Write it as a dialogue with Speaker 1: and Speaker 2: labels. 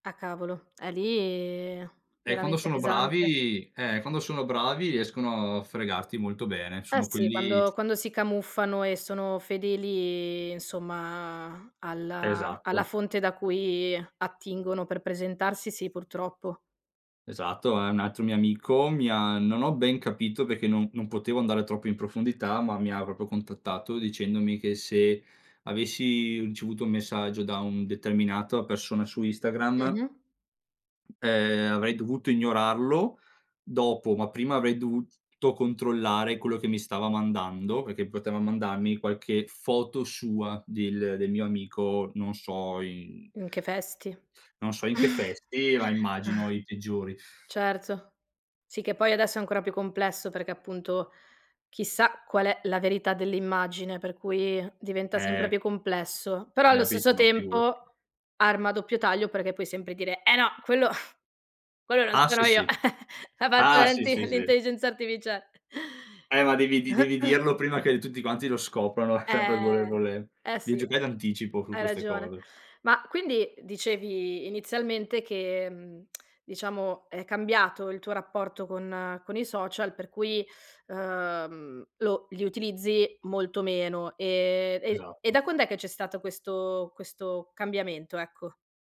Speaker 1: Ah cavolo, è lì
Speaker 2: E quando
Speaker 1: veramente
Speaker 2: sono
Speaker 1: pesante.
Speaker 2: bravi eh, quando sono bravi riescono a fregarti molto bene,
Speaker 1: Eh
Speaker 2: sono
Speaker 1: sì,
Speaker 2: quelli
Speaker 1: quando quando si camuffano e sono fedeli insomma alla alla
Speaker 2: Esatto.
Speaker 1: fonte da cui attingono per presentarsi. Sì, purtroppo.
Speaker 2: Esatto, ehm, un altro mio amico, mi ha non ho ben capito perché non non potevo andare troppo in profondità, ma mi ha proprio contattato dicendomi che se avessi ricevuto un messaggio da un determinata persona su Instagram
Speaker 1: Mh-mh.
Speaker 2: ehm, avrei dovuto ignorarlo, dopo, ma prima avrei dovuto controllare quello che mi stava mandando, perché poteva mandarmi qualche foto sua del del mio amico, non so in
Speaker 1: In che vesti.
Speaker 2: non so in che vesti, ma immagino i peggiori.
Speaker 1: Certo. Sì, che poi adesso è ancora più complesso perché appunto chissà qual è la verità dell'immagine per cui diventa sempre
Speaker 2: Eh.
Speaker 1: più complesso, però
Speaker 2: Hai
Speaker 1: allo
Speaker 2: capito,
Speaker 1: stesso
Speaker 2: no, figurati.
Speaker 1: tempo, arma a doppio taglio perché puoi sempre dire: "Eh no, quello quello non
Speaker 2: Ah sì,
Speaker 1: sono io."
Speaker 2: sì.
Speaker 1: A
Speaker 2: Ah sì, sì,
Speaker 1: [unintelligible]
Speaker 2: sì.
Speaker 1: l'intelligenza artificia
Speaker 2: Eh ma devi di devi dirlo prima che tutti quanti lo scoprano sempre con le
Speaker 1: Eh,
Speaker 2: con le
Speaker 1: eh
Speaker 2: devi
Speaker 1: sì,
Speaker 2: giocare d'anticipo su
Speaker 1: hai
Speaker 2: queste
Speaker 1: ragione.
Speaker 2: cose.
Speaker 1: Ma quindi dicevi inizialmente che, mhmm, diciamo è cambiato il tuo rapporto con con i social per cui, ehm, lo li utilizzi molto meno. Ehm, e e da
Speaker 2: Esatto.
Speaker 1: quand'è che c'è stato questo questo cambiamento? Ecco.